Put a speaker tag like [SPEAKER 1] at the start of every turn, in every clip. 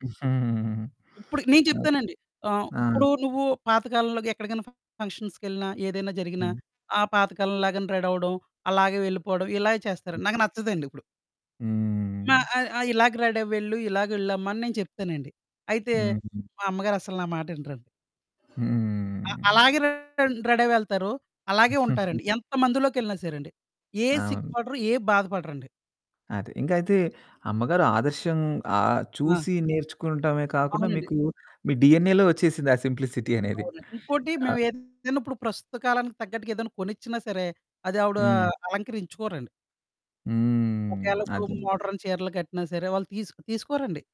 [SPEAKER 1] ఇప్పుడు నేను
[SPEAKER 2] ఓహ్!
[SPEAKER 1] చెప్తానండి. ఆహ్,
[SPEAKER 2] ఆ!
[SPEAKER 1] ఇప్పుడు నువ్వు పాతకాలంలోగా ఎక్కడికన్నా ఫంక్షన్స్‌కెళ్ళిన ఏదైనా జరిగినా
[SPEAKER 2] హ్మ్.
[SPEAKER 1] ఆ పాతకాలం లాగానే రెడీ అవ్వడం అలాగే వెళ్ళిపోవడం ఇలాగే
[SPEAKER 2] హ్మ్.
[SPEAKER 1] చేస్తారండి. నాకు నచ్చదండి ఇప్పుడు.
[SPEAKER 2] హ్మ్.
[SPEAKER 1] నా ఆ ఆ ఇలాగ రెడీ అవెళ్ళు, ఇలాగ వెళ్ళమ్మా అని నేను చెప్తానండి. అయితే
[SPEAKER 2] హ్మ్.
[SPEAKER 1] మా అమ్మగారు అసలు నా మాటినరండి. అ
[SPEAKER 2] హ్మ్.
[SPEAKER 1] అలాగే రెడీ అయ్యి వెళ్తారు. అలాగే ఉంటారండి. ఎంత మందిలోకెళ్ళినా సరే అండి. ఏ సిగ్గు
[SPEAKER 2] అవును.
[SPEAKER 1] పడరు, ఏ బాధ పడరండి.
[SPEAKER 2] అది. ఇంకా అయితే అమ్మగారు ఆదర్శం ఆహ్,
[SPEAKER 1] ఆ!
[SPEAKER 2] చూసి నేర్చుకోనటమే కాకుండా
[SPEAKER 1] అవునండి.
[SPEAKER 2] మీకు మీ డిఎన్ఏ‌లో వచ్చేసింది ఆ సింప్లిసిటీ అనేది.
[SPEAKER 1] అవునండి. ఇంకోటి
[SPEAKER 2] అ
[SPEAKER 1] మేవేదైనా ఇప్పుడు ప్రస్తుత కాలానికి తగ్గట్టుగా ఏదైనా కొనిచ్చినా సరే, అది ఆవిడ
[SPEAKER 2] హ్మ్.
[SPEAKER 1] అలంకరించుకోరండి.
[SPEAKER 2] హ్మ్.
[SPEAKER 1] ఒకేళిప్పుడు
[SPEAKER 2] అదే అండి.
[SPEAKER 1] మోడర్న్ చీరలు కట్టినా సరే వాళ్ళు తీసు తీసుకోరండి.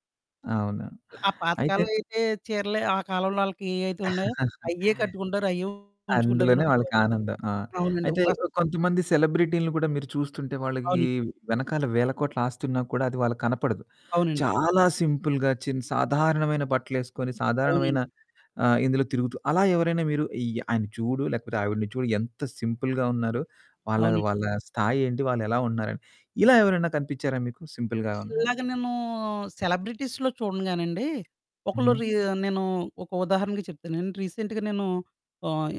[SPEAKER 2] అవును.
[SPEAKER 1] ల ఆ పాత
[SPEAKER 2] అయితే
[SPEAKER 1] కాలం అయితే చీరలే, ఆ కాలంలో ఆళ్ళకి ఏవైతే ఉన్నాయో అయ్యే కట్టుకుంటారు, అయ్యే ఉంచుకుంటారు గాని
[SPEAKER 2] అందులోనే
[SPEAKER 1] ఇప్పుడు
[SPEAKER 2] వాళ్ళకానందం. ఆ!
[SPEAKER 1] అవునండి
[SPEAKER 2] అయితే
[SPEAKER 1] ఇప్పుడసల
[SPEAKER 2] ఓ కొంతమంది సెలబ్రిటీలని కూడా మీరు చూస్తుంటే వాళ్ళకి
[SPEAKER 1] అవును.
[SPEAKER 2] వెనకాల వేల కోట్ల ఆస్తి ఉన్నా కూడా అది వాళ్ళకి కనపడదు.
[SPEAKER 1] అవునండి.
[SPEAKER 2] చాలా సింపుల్‌గా చి సాధారణమైన బట్టలేసుకొని
[SPEAKER 1] అవునండి.
[SPEAKER 2] సాధారణమైన ఆహ్, ఇందులో తిరుగుతూ అలా ఎవరైనా మీరు అయ్ ఆయన చూడు లేకపోతే ఆవిడని చూడు ఎంత సింపుల్‌గా ఉన్నారో, వాళ్ళ
[SPEAKER 1] అవునండి.
[SPEAKER 2] వాళ్ళ స్థాయేంటి వాళ్ళెలా ఉన్నారని. ఇలా ఎవరైనా కనిపించారా మీకు సింపుల్‌గా ఉన్న వాళ్ళు.
[SPEAKER 1] ఇలాగ నేను సెలబ్రిటీస్‌లో చూడనుగానండి, ఒకళ్ళు
[SPEAKER 2] హుహు.
[SPEAKER 1] రీ నేను ఒక ఉదాహరణగా చెప్తానండి. రీసెంట్‌గా నేను ఆహ్,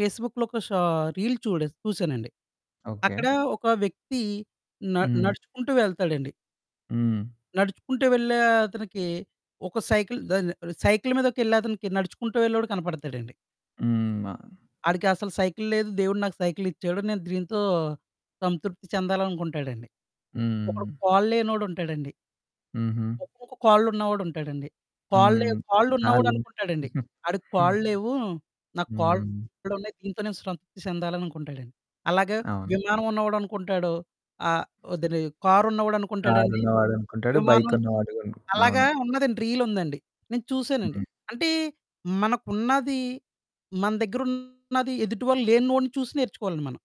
[SPEAKER 1] పేస్‌‌బుక్‌లో ఒక షా రీల్ చూడ చూసానండి.
[SPEAKER 2] ఓకే.
[SPEAKER 1] అక్కడ ఒక వ్యక్తి న
[SPEAKER 2] హ్మ్.
[SPEAKER 1] నడుచుకుంటూ వెళ్తాడండి.
[SPEAKER 2] హ్మ్.
[SPEAKER 1] నడుచుకుంటూ వెళ్ళే అతనికి ఒక సైకిలు దాని సైకిలు మీదకెళ్ళే అతనికి, నడుచుకుంటూ వెళ్ళేవాడు కనపడతాడండి.
[SPEAKER 2] హ్మ్. ఆ!
[SPEAKER 1] ఆడికి అసలు సైకిలు లేదు, దేవుడు నాకు సైకిలిచ్చాడు. నేను దీంతో సంతృప్తి చెందాలనుకుంటాడండి. ఒకడు
[SPEAKER 2] హ్మ్.
[SPEAKER 1] కాల్లేనోడుంటాడండి.
[SPEAKER 2] హుహు.
[SPEAKER 1] ఒకొక్క కాళ్ళు ఉన్నవాడుంటాడండి. కాళ్ళు లే
[SPEAKER 2] హ్మ్. కాళ్ళు
[SPEAKER 1] కాళ్ళున్నవాడనుకుంటాడండి ఆడికి
[SPEAKER 2] హ్మ్.
[SPEAKER 1] కాళ్ళు లేవు, నాకు
[SPEAKER 2] హ్మ్.
[SPEAKER 1] కాళ్ళున్నాయి. దీంతో నేను సంతృప్తి చెందాలనుకుంటాడండి. అలాగ
[SPEAKER 2] అవును.
[SPEAKER 1] విమానం ఉన్నవాడు అనుకుంటాడు, ఆహ్, [unintelligible] కారున్నవాడు అనుకుంటాడండి,
[SPEAKER 2] కారున్నవాడు అనుకుంటాడు బైక్
[SPEAKER 1] విమానం
[SPEAKER 2] ఉన్నవాడు
[SPEAKER 1] అలాగా
[SPEAKER 2] అవును.
[SPEAKER 1] ఉన్నదండి రీలుందండి. నేను చూసానండి.
[SPEAKER 2] హ్మ్.
[SPEAKER 1] అంటే, మనకున్నది, మన దగ్గరున్నది, ఎదుటివాళ్ళు లేనోడిని చూసి నేర్చుకోవాలండి మనం.